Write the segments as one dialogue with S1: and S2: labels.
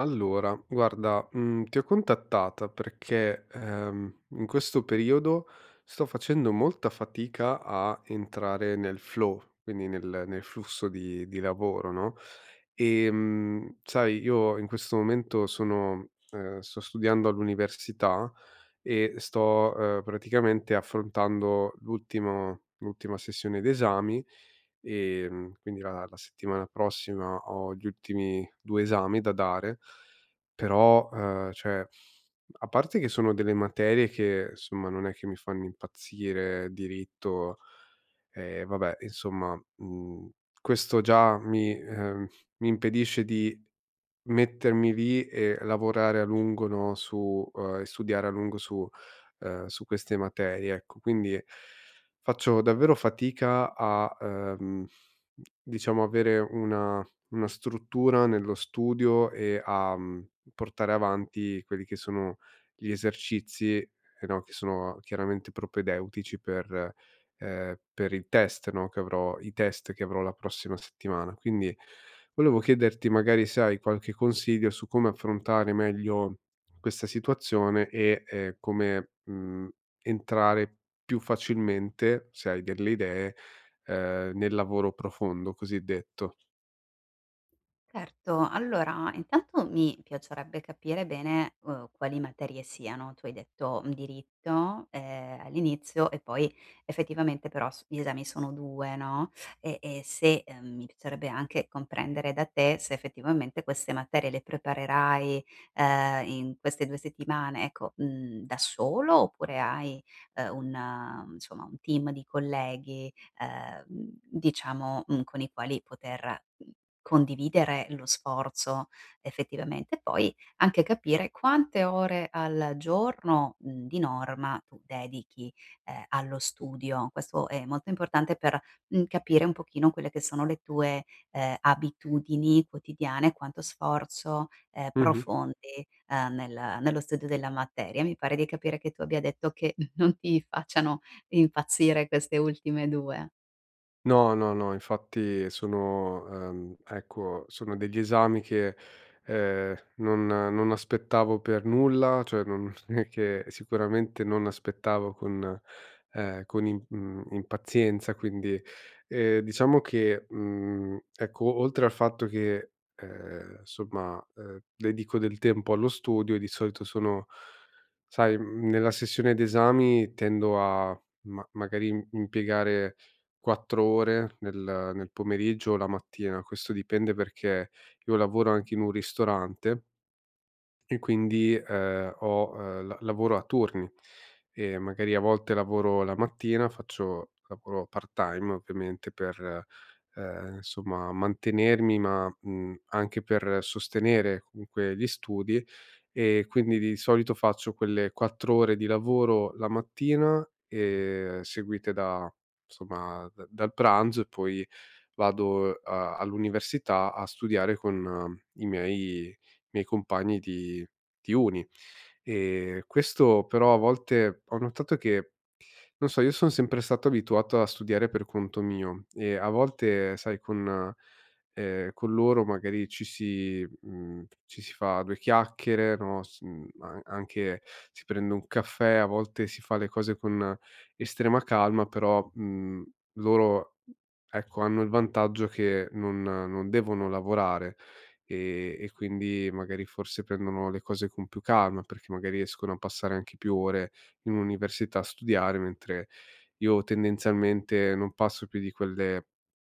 S1: Allora, guarda, mhmm, ti ho contattata perché, ehm, in questo periodo sto facendo molta fatica a entrare nel flow, quindi nel nel flusso di di lavoro, no, ehm, sai, io in questo momento sono uhm, sto studiando all'università. E sto, uhm, praticamente affrontando l'ultimo l'ultima sessione d'esami. Ehm, quindi la la settimana prossima ho gli ultimi 2 esami da dare. Però uhm, cioè, a parte che sono delle materie che, insomma, non è che mi fanno impazzire. Diritto ehm, vabbè, insomma. Mhmm, questo già mi ehm, mi impedisce di mettermi lì e lavorare a lungo, no, su uhm, e studiare a lungo su uhm, su queste materie, ecco. Quindi, faccio davvero fatica a, uhm, d diciamo, avere una una struttura nello studio, e a, mhmm, mhmm, portare avanti quelli che sono gli esercizi e no, che sono chiaramente propedeutici per ehm, per il test, no, che avrò i test che avrò la prossima settimana. Quindi volevo chiederti, magari, se hai qualche consiglio su come affrontare meglio questa situazione e, ehm, come, mhmm, entrare più facilmente, se hai delle idee, ehm, nel lavoro profondo, cosiddetto.
S2: Certo. Allora, intanto mi piacerebbe capire bene, uhm, quali materie siano. Tu hai detto diritto, ehm, all'inizio e poi effettivamente, però, s gli esami sono 2, no, e e se mhmm, mi piacerebbe anche comprendere da te se, effettivamente, queste materie le preparerai, ehm, in queste 2 settimane, ecco, mhmm, da solo, oppure hai, ehm, un, insomma, un team di colleghi, ehm, diciamo, mh, con i quali poter, uhm, condividere lo sforzo effettivamente. Poi, anche capire quante ore al giorno, di norma, tu dedichi, ehm, allo studio. Questo è molto importante, mhmm, per capire un pochino quelle che sono le tue, ehm, abitudini quotidiane, quanto sforzo, ehm,
S1: Mh-mh.
S2: profondi, ehm, nel nello studio della materia. Mi pare di capire che tu abbia detto, che non ti facciano impazzire queste ultime 2.
S1: No, no, no, infatti sono, ehm, ecco, sono degli esami che, ehm, non non aspettavo per nulla, cioè non è che sicuramente non aspettavo con, ehm, con im, mhmm, impazienza. Quindi, ehm, diciamo che, mhmm, ecco, oltre al fatto che, ehm, insomma, ehm, dedico del tempo allo studio e di solito sono sai, mhmm, nella sessione d'esami tendo a ma magari im mpiegare 4 ore nel nel pomeriggio o la mattina, questo dipende, perché io lavoro anche in un ristorante e quindi, ehm, ho ehm, l lavoro a turni. E magari a volte lavoro la mattina, faccio lavoro part-time, ovviamente, per, ehm, insomma, mantenermi ma, mhmm, anche per sostenere comunque gli studi, e quindi di solito faccio quelle 4 ore di lavoro la mattina e seguite da, insomma, da dal pranzo e poi vado, a all'università a studiare con i miei i miei compagni di di uni. E questo, però, a volte, ho notato che non so, io son sempre stato abituato a studiare per conto mio e a volte, sai, con, ehm, con loro magari ci si mhmm, ci si fa due chiacchiere, no, s uhm, a anche si prende un caffè, a volte si fa le cose con estrema calma, però, mhmm, loro, ecco, hanno il vantaggio che non non devono lavorare e e quindi magari, forse, prendono le cose con più calma, perché magari riescono a passare anche più ore in università a studiare, mentre io, tendenzialmente, non passo più di quelle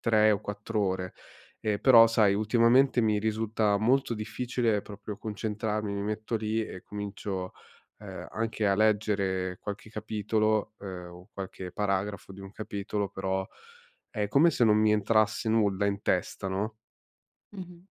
S1: 3 o 4 ore. E però, sai, ultimamente mi risulta molto difficile proprio concentrarmi, mi metto lì e comincio, ehm, anche a leggere qualche capitolo, ehm, o qualche paragrafo di un capitolo, però è come se non mi entrasse nulla in testa, no?
S2: Mh-mh.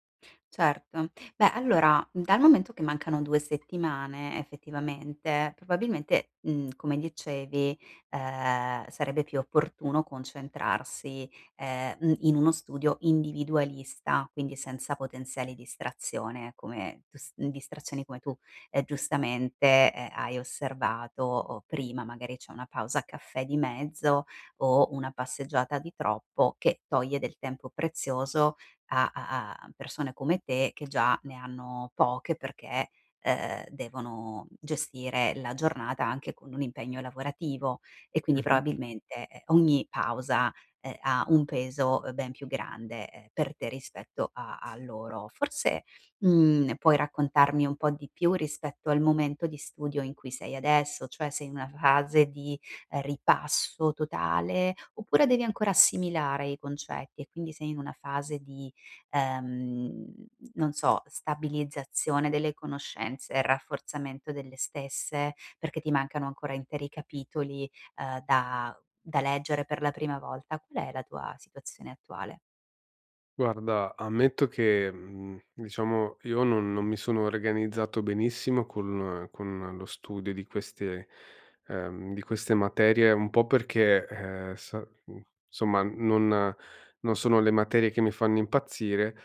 S2: Certo. Beh, allora, dal momento che mancano 2 settimane effettivamente, probabilmente, mhmm, come dicevi, ehm, sarebbe più opportuno concentrarsi, ehm, mh, in uno studio individualista, quindi senza potenziali distrazione, come tu s mh, distrazioni come tu, ehm, giustamente, eh, hai osservato, o prima magari c'è una pausa caffè di mezzo o una passeggiata di troppo che toglie del tempo prezioso a a a persone come te che già ne hanno poche perché, ehm, devono gestire la giornata anche con un impegno lavorativo e quindi
S1: Mh-mh.
S2: probabilmente, ehm, ogni pausa, ehm, ha un peso, ben più grande per te rispetto a a loro. Forse, mhmm, puoi raccontarmi un po' di più rispetto al momento di studio in cui sei adesso? Cioè, sei in una fase di ripasso totale, oppure devi ancora assimilare i concetti e quindi sei in una fase di, ehm, non so, stabilizzazione delle conoscenze e rafforzamento delle stesse, perché ti mancano ancora interi capitoli, ehm, da da leggere per la prima volta? Qual è la tua situazione attuale?
S1: Guarda, ammetto che, mhmm, diciamo, io non non mi sono organizzato benissimo con con lo studio di queste ehm, di queste materie, un po' perché, ehm, sa mhmm, insomma non non sono le materie che mi fanno impazzire,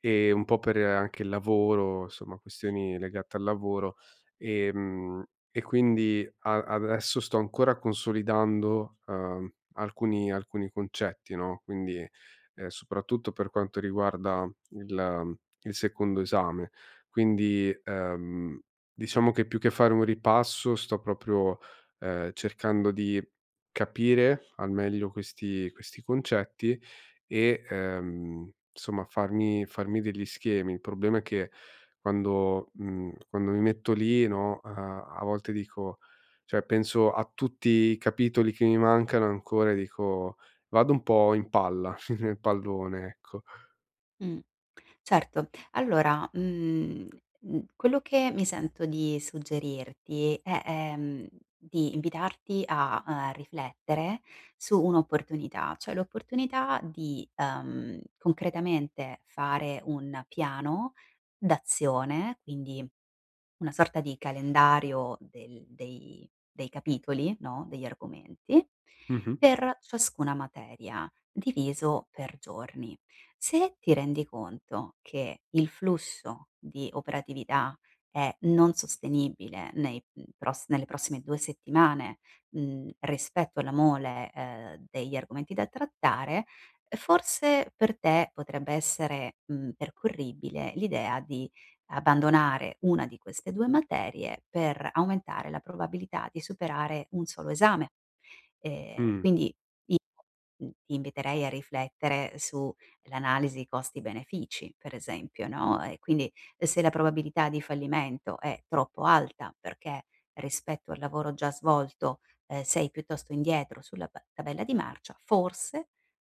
S1: ehm, un po' per anche il lavoro, insomma, questioni legate al lavoro e mhmm, e quindi a adesso sto ancora consolidando, uhm, alcuni alcuni concetti, no, quindi, ehm, soprattutto per quanto riguarda il il secondo esame. Quindi, ehm, diciamo che più che fare un ripasso sto proprio, ehm, cercando di capire al meglio questi questi concetti e, ehm, insomma farmi farmi degli schemi. Il problema è che quando mhmm, quando mi metto lì, no, uhm, a volte dico cioè, penso a tutti i capitoli che mi mancano ancora, e dico vado un po' in palla, nel pallone, ecco.
S2: Mh, certo. Allora, mhmm, mhmm, quello che mi sento di suggerirti è, ehm, di invitarti a, uhm, riflettere su un'opportunità, cioè l'opportunità di, uhm, concretamente fare un piano d'azione, quindi una sorta di calendario del dei dei capitoli, no, degli argomenti,
S1: Mh-mh.
S2: per ciascuna materia, diviso per giorni. Se ti rendi conto che il flusso di operatività è non sostenibile nei, mhmm, pros nelle prossime 2 settimane, mhmm, rispetto alla mole, ehm, degli argomenti da trattare, uhm, forse per te potrebbe essere, mhmm, percorribile l'idea di abbandonare una di queste 2 materie per aumentare la probabilità di superare 1 solo esame. Ehm,
S1: Mh.
S2: quindi io, mhmm, ti inviterei a riflettere sull'analisi costi-benefici per esempio, no, e quindi, ehm, se la probabilità di fallimento è troppo alta perché, rispetto al lavoro già svolto, ehm, sei piuttosto indietro sulla p tabella di marcia, forse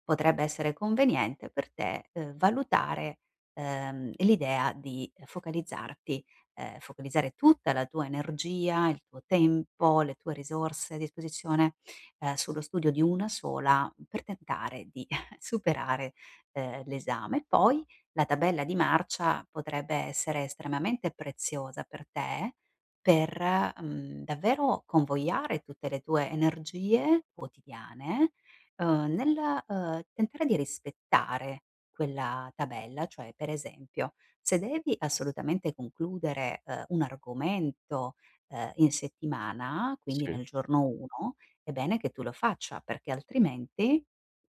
S2: potrebbe essere conveniente per te, uhm, valutare, uhm, l'idea di, ehm, focalizzarti, ehm, focalizzare tutta la tua energia, il tuo tempo, le tue risorse a disposizione, ehm, sullo studio di 1 sola, mhmm, per tentare di superare, ehm, l'esame. E poi la tabella di marcia potrebbe essere estremamente preziosa per te, per, mhmm, davvero convogliare tutte le tue energie quotidiane, uhm, nel, uhm, tentare di rispettare quella tabella. Cioè, per esempio, se devi assolutamente concludere, uhm, un argomento, ehm, in settimana, quindi
S1: Sì.
S2: nel giorno 1, è bene che tu lo faccia, perché altrimenti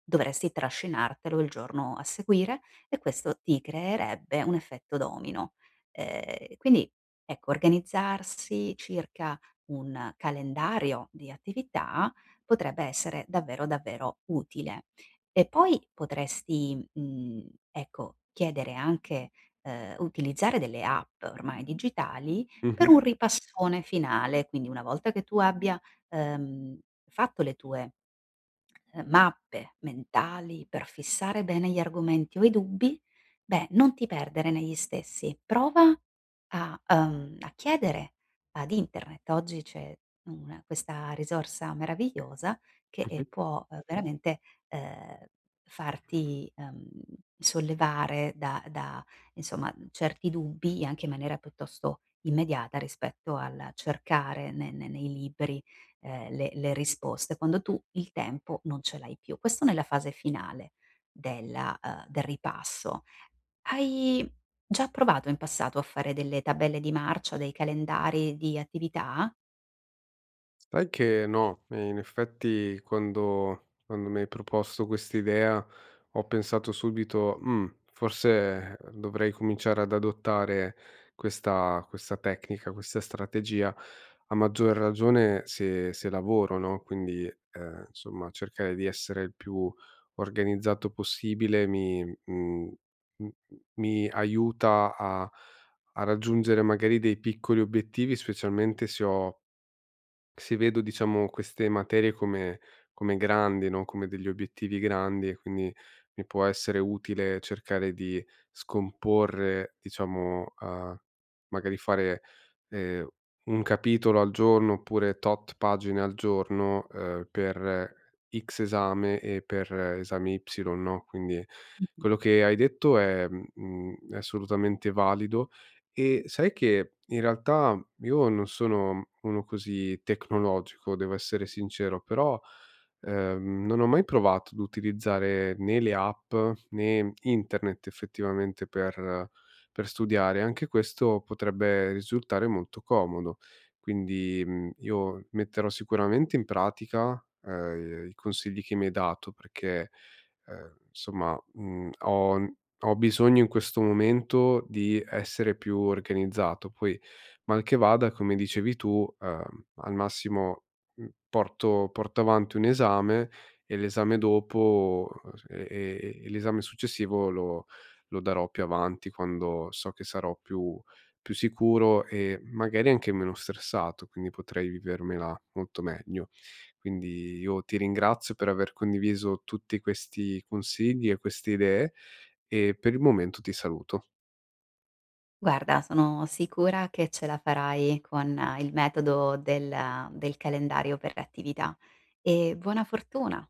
S2: dovresti trascinartelo il giorno a seguire, e questo ti creerebbe un effetto domino. Ehm, e quindi, ecco, organizzarsi circa un calendario di attività potrebbe essere davvero, davvero utile e poi potresti, mhmm, ecco, chiedere anche uhm, o utilizzare delle app, ormai digitali per
S1: Mh-mh.
S2: un ripassone finale. Quindi una volta che tu abbia, uhm, fatto le tue, ehm, mappe mentali, per fissare bene gli argomenti o i dubbi, beh, non ti perdere negli stessi, prova a uhm, a chiedere ad internet. Oggi c'è una questa risorsa meravigliosa che, ehm,
S1: Mh-mh.
S2: può, uhm, veramente, ehm, farti, uhm, sollevare da da insomma, mhmm, certi dubbi, anche in maniera piuttosto immediata rispetto al cercare ne ne nei libri, ehm, le le risposte quando tu il tempo non ce l'hai più. Questo nella fase finale della uhm, del ripasso. Hai già provato in passato a fare delle tabelle di marcia, dei calendari di attività?
S1: Sai che no, in effetti quando quando mi hai proposto quest'idea, ho pensato subito: "Mhmm, forse dovrei cominciare ad adottare questa questa tecnica, questa strategia." A maggior ragione se se lavoro, no, quindi, uhm, insomma, cercare di essere il più organizzato possibile mi mhmm, m mi aiuta a a raggiungere magari dei piccoli obiettivi, specialmente se ho se vedo, diciamo, queste materie come come grandi no, come degli obiettivi grandi e quindi mi può essere utile cercare di scomporre, diciamo uhm, magari fare, ehm, un capitolo al giorno, oppure tot pagine al giorno, uhm, per X esame e per esami Y, no, quindi
S2: Mh-mh.
S1: quello che hai detto è mhmm, mhmm, è assolutamente valido. E sai che in realtà io non sono uno così tecnologico, devo essere sincero, però, ehm, non ho mai provato ad utilizzare né le app, né internet, effettivamente, per per studiare, anche questo potrebbe risultare molto comodo. Quindi, mhmm, io metterò sicuramente in pratica, uhm, i consigli che mi hai dato perché, ehm, insomma, mhmm, ho ho bisogno in questo momento di essere più organizzato, poi mal che vada, come dicevi tu, uhm, al massimo, mhmm, porto porto avanti un esame e l'esame dopo uhm, s e e e l'esame successivo lo lo darò più avanti quando so che sarò più più sicuro e, magari, anche meno stressato, quindi potrei vivermela molto meglio. Quindi, io ti ringrazio per aver condiviso tutti questi consigli e queste idee e per il momento ti saluto.
S2: Guarda, sono sicura che ce la farai con il metodo del del calendario per le attività e buona fortuna!